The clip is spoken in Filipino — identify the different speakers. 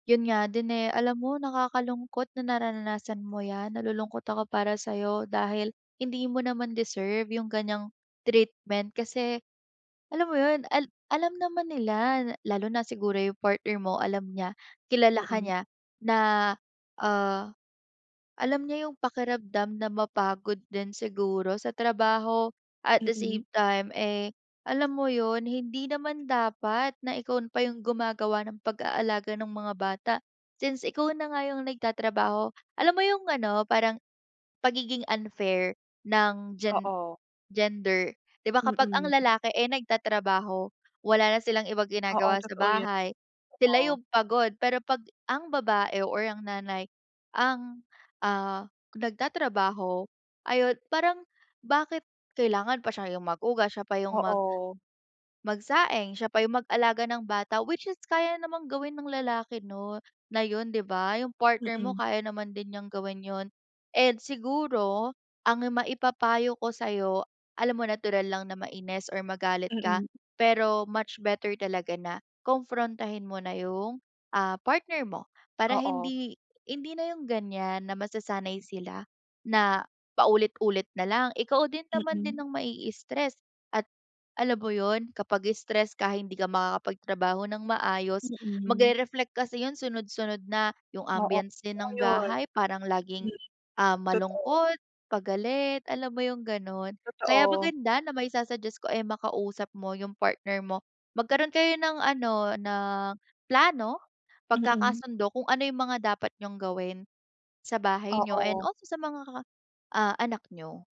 Speaker 1: Yun nga din, eh. Alam mo, nakakalungkot na nararanasan mo 'yan. Nalulungkot ako para sa'yo, dahil hindi mo naman deserve yung ganyang treatment. Kasi alam mo yun, al alam naman nila, lalo na siguro yung partner mo, alam niya, kilala ka
Speaker 2: Mm.
Speaker 1: niya, na ah, alam niya yung pakiramdam na mapagod din siguro sa trabaho. At the
Speaker 2: Mm.
Speaker 1: same time eh, alam mo yun, hindi naman dapat na ikaw pa yung gumagawa ng pag-aalaga ng mga bata, since ikaw na nga yung nagtatrabaho. Alam mo yung ano? Parang pagiging unfair ng
Speaker 2: Oo.
Speaker 1: gender, 'di ba, kapag ang
Speaker 2: Mm.
Speaker 1: lalaki ay nagtatrabaho, wala na silang ibang
Speaker 2: Oo,
Speaker 1: ginagawa sa
Speaker 2: totoo yon,
Speaker 1: bahay, sila
Speaker 2: oo.
Speaker 1: yung pagod. Pero pag ang babae o ang nanay ang ah, nagtatrabaho, ayun parang bakit kailangan pa siya yung maghugas, siya pa yung mag
Speaker 2: Oo.
Speaker 1: magsaing, siya pa yung mag-alaga ng bata? Which is kaya namang gawin ng lalaki 'no, na yun 'di ba? Yung partner mo,
Speaker 2: Mm.
Speaker 1: kaya naman din niyang gawin yun. And siguro ang maipapayo ko sa'yo, alam mo natural lang na mainis or magalit ka,
Speaker 2: Mm.
Speaker 1: pero much better talaga na konprontahin mo na yung ah, partner mo. Para
Speaker 2: Oo.
Speaker 1: hindi hindi na yung ganyan na masasanay sila na paulit-ulit nalang. Ikaw din naman din
Speaker 2: Mm.
Speaker 1: ang mai-stress, at alam mo yun kapag stress ka hindi ka makakapagtrabaho ng maayos,
Speaker 2: Mm.
Speaker 1: magre-reflect kasi yung sunod-sunod na. Yung
Speaker 2: Oo,
Speaker 1: ambiance din
Speaker 2: totoo
Speaker 1: ng
Speaker 2: 'yon.
Speaker 1: bahay parang laging
Speaker 2: Hmm,
Speaker 1: ah,
Speaker 2: totoo.
Speaker 1: malungkot, pagalit, alam mo yung ganun? Kaya
Speaker 2: Totoo.
Speaker 1: maganda na maisa-suggest ko ay makausap mo yung partner mo. Magkaroon kayo ng ano, ng plano,
Speaker 2: Mm.
Speaker 1: pagkakasundo kung ano yung mga dapat niyong gawin sa bahay niyo and
Speaker 2: Oo.
Speaker 1: also sa mga anak niyo.